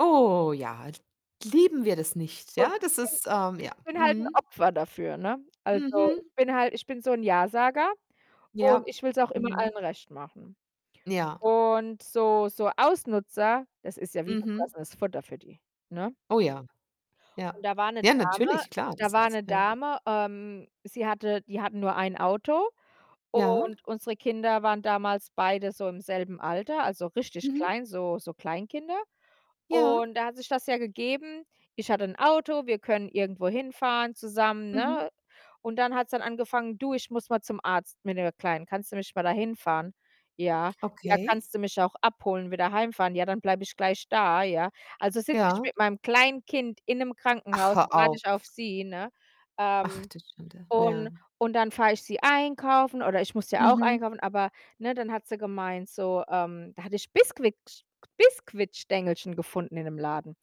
Oh ja, l lieben wir das nicht? Ja, Und ich das bin ist, ähm ich ja, bin halt 'n mhm. Opfer dafür, ne? Also, Mhm. ich bin halt ich bin so'n Ja-Sager, und Ja, ich will's auch immer mhm. allen recht machen Ja. und so so Ausnutzer, das ist ja wie Mhm. gefressenes Futter für die, ne? Oh ja. Ja. Und da war 'ne Ja, Dame natürlich, klar, da das war ist 'ne ja. Dame, ähm, sie hatte die hatten nur ein Auto, Ja. und unsere Kinder waren damals beide so im selben Alter, also richtig Mhm. klein, so so Kleinkinder Ja. und da hat sich das ja gegeben. Ich hatte 'n Auto, wir können irgendwo hinfahren zusammen, Mhm. ne, und dann hat's dann angefangen: „Du, ich muss mal zum Arzt mit der Kleinen. Kannst du mich mal dahinfahren?“ „Ja.“ „Ja, Okay. kannst du mich auch abholen, wieder heimfahren?“ „Ja, dann bleibe ich gleich da.“ „Ja.“ Also, sitze ich Ja. mit meinem Kleinkind in 'nem Ach, Krankenhaus, hör warte auf. ich auf sie, ne? Ach, Ähm, du Schande, ja. und und dann fahre ich sie einkaufen oder ich muss ja auch Mhm. einkaufen, aber, ne, dann hat sie gemeint, so ähm, da hatte ich Biskuicksch Biskuitstängelchen gefunden in 'nem Laden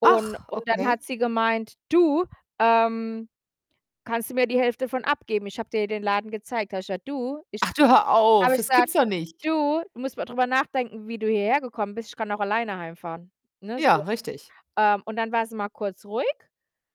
und Ach, und dann okay. hat sie gemeint: „Du, ähm, kannst du mir die Hälfte von abgeben? Ich habe dir ja den Laden gezeigt.“ Da habe ich gesagt: „Du, ich“ Ach du, hör auf, habe ich das gesagt: gibt's doch nicht. „Du, du musst mal drüber nachdenken, wie du hierhergekommen bist. Ich kann auch alleine heimfahren.“ Ne, Ja, so. richtig. Ähm, und dann war sie mal kurz ruhig,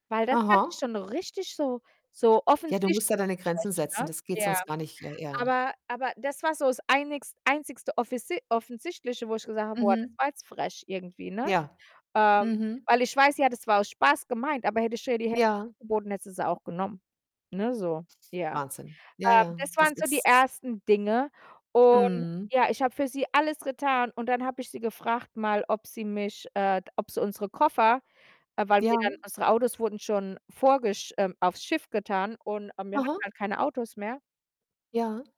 weil das fand ich Aha. schon richtig so so Ja, du musst ja offensichtlich deine Grenzen frech, setzen, ne? das geht Ja. sonst gar nicht, ja ja. Aber aber das war so's einigs einzigste offisi offensichtliche, wo ich gesagt habe: „Boah, das Mhm. war jetzt frech irgendwie“, ne? Ja. Ähm, Mhm. weil ich weiß ja, das war aus Spaß gemeint, aber hätte ich ihr die Hälfte Ja. angeboten, hätte sie sie auch genommen, ne, so, ja. Wahnsinn. Ja, Ähm, ja, das das waren so die ist ersten Dinge und Mhm. ja, ich habe für sie alles getan, und dann habe ich sie gefragt mal, ob sie mich äh, ob sie unsere Koffer äh, weil Ja. wir dann unsere Autos wurden schon vorgesch ähm, aufs Schiff getan, und, ähm, wir hatten Aha. halt keine Autos mehr. Ja.